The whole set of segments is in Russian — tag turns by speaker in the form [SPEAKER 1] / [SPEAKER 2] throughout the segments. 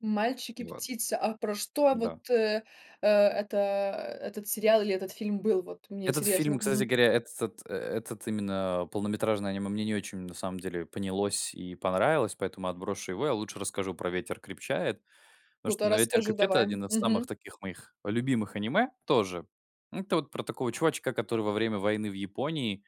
[SPEAKER 1] "Мальчик и
[SPEAKER 2] Ну, ладно.
[SPEAKER 1] птица". А про что вот
[SPEAKER 2] Да.
[SPEAKER 1] э, э, это, э, этот сериал или этот фильм был вот? Мне
[SPEAKER 2] Этот
[SPEAKER 1] интересно.
[SPEAKER 2] фильм, кстати
[SPEAKER 1] Мгм.
[SPEAKER 2] говоря, этот, э, этот именно полнометражный аниме мне не очень на самом деле понялось и понравилось, поэтому отброшу его. Я лучше расскажу про "Ветер крепчает". Потому что,
[SPEAKER 1] Ну-ка,
[SPEAKER 2] ну, "Ветер
[SPEAKER 1] расскажи
[SPEAKER 2] крепчает"- это
[SPEAKER 1] давай.
[SPEAKER 2] 1 из
[SPEAKER 1] Мгм.
[SPEAKER 2] самых таких моих любимых аниме тоже. Это вот про такого чувачка, который во время войны в Японии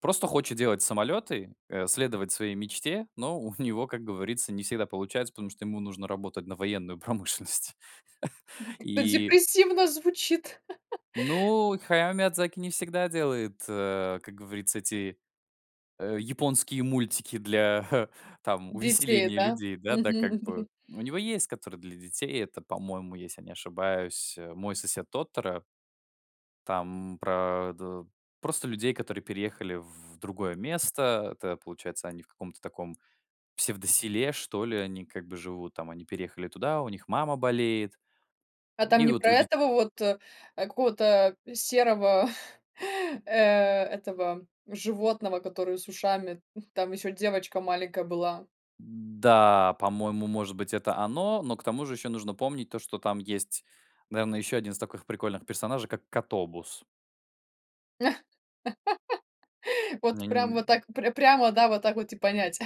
[SPEAKER 2] просто хочет делать самолеты, э, следовать своей мечте. Но у него, как говорится, не всегда получается, потому что ему нужно работать на военную промышленность.
[SPEAKER 1] Как-то
[SPEAKER 2] И
[SPEAKER 1] депрессивно звучит.
[SPEAKER 2] Ну, Хаяо Миядзаки не всегда делает, э, как говорится, эти, э, японские мультики для, а, там
[SPEAKER 1] Детей,
[SPEAKER 2] увеселения
[SPEAKER 1] да?
[SPEAKER 2] людей, да
[SPEAKER 1] Мгм,
[SPEAKER 2] да, как бы.
[SPEAKER 1] мгм.
[SPEAKER 2] У него есть который для детей. Это, по-моему, если я не ошибаюсь, э, "Мой сосед Тоторо". Там про д просто людей, которые переехали в другое место. Это, получается, они в каком-то таком псевдоселе, что ли, они как бы живут там. Они переехали туда, у них мама болеет.
[SPEAKER 1] А там
[SPEAKER 2] И
[SPEAKER 1] не
[SPEAKER 2] вот
[SPEAKER 1] про
[SPEAKER 2] у дет
[SPEAKER 1] этого вот, э, э, какого-то серого, э, этого животного, который с ушами? М. Там ещё девочка маленькая была.
[SPEAKER 2] М-да, по-моему, может быть, это оно, но к тому же еще нужно помнить то, что там есть, наверное, еще 1 из таких прикольных персонажей, как Котобус.
[SPEAKER 1] Вот
[SPEAKER 2] Не не
[SPEAKER 1] прям вот
[SPEAKER 2] н
[SPEAKER 1] так, пря прямо, да, вот так вот и понять.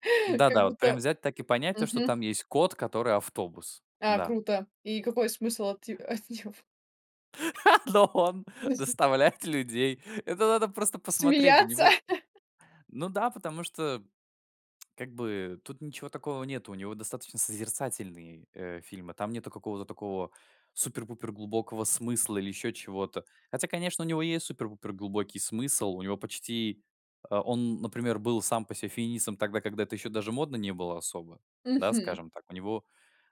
[SPEAKER 2] Да
[SPEAKER 1] Как
[SPEAKER 2] да, вот прям
[SPEAKER 1] будто
[SPEAKER 2] взять так и понять, что
[SPEAKER 1] Мгм.
[SPEAKER 2] там есть кот, который автобус.
[SPEAKER 1] А
[SPEAKER 2] Да.
[SPEAKER 1] круто. И какой смысл от и от. [unintelligible]
[SPEAKER 2] Но он
[SPEAKER 1] В смысле?
[SPEAKER 2] доставляет людей. Это надо просто посмотреть, у
[SPEAKER 1] Смеяться?
[SPEAKER 2] него Ну да, потому что, как бы, тут ничего такого нету. У него достаточно созерцательные, э, фильмы, там нету какого-то такого супер-пупер глубокого смысла или еще чего-то. Хотя, конечно, у него есть супер-пупер глубокий смысл. У него почти А, он, например, был сам по себе феминистом тогда, когда это еще даже модно не было особо. Да,
[SPEAKER 1] Мгм.
[SPEAKER 2] скажем так. У него,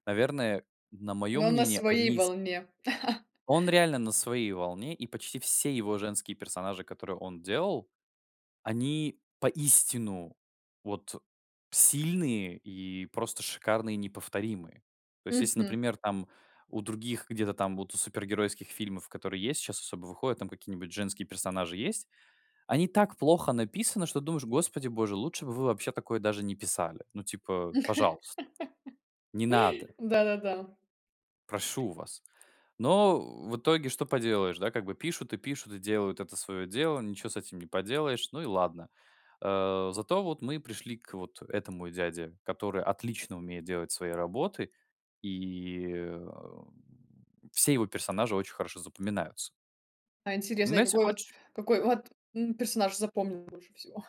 [SPEAKER 2] наверное, на мое
[SPEAKER 1] Но на
[SPEAKER 2] мнение,
[SPEAKER 1] своей
[SPEAKER 2] одни из
[SPEAKER 1] волне.
[SPEAKER 2] Он реально на своей волне, и почти все его женские персонажи, которые он делал, они поистину, вот, э, сильные, и просто шикарные, и неповторимые. То есть, если,
[SPEAKER 1] Мгм.
[SPEAKER 2] например, там, у других, где-то там, вот, у супергеройских фильмов, которые есть сейчас особо, выходят, какие-нибудь женские персонажи есть, они так плохо написаны, что думаешь: "Господи боже, лучше бы вы вообще такое даже не писали". Ну, типа, пожалуйста, не надо
[SPEAKER 1] Да-да-да.
[SPEAKER 2] Прошу вас. Но, э, в итоге что поделаешь? Да, как бы пишут и пишут, и делают это свое дело, ничего с этим не поделаешь, ну и ладно. Э. Зато вот мы пришли к вот этому дяде, который отлично умеет делать свои работы. И, эм, все его персонажи очень хорошо запоминаются.
[SPEAKER 1] А интересно.
[SPEAKER 2] Ну,
[SPEAKER 1] И
[SPEAKER 2] если
[SPEAKER 1] какой вот,
[SPEAKER 2] хочешь
[SPEAKER 1] какой вот, м, персонаж запомнился больше всего?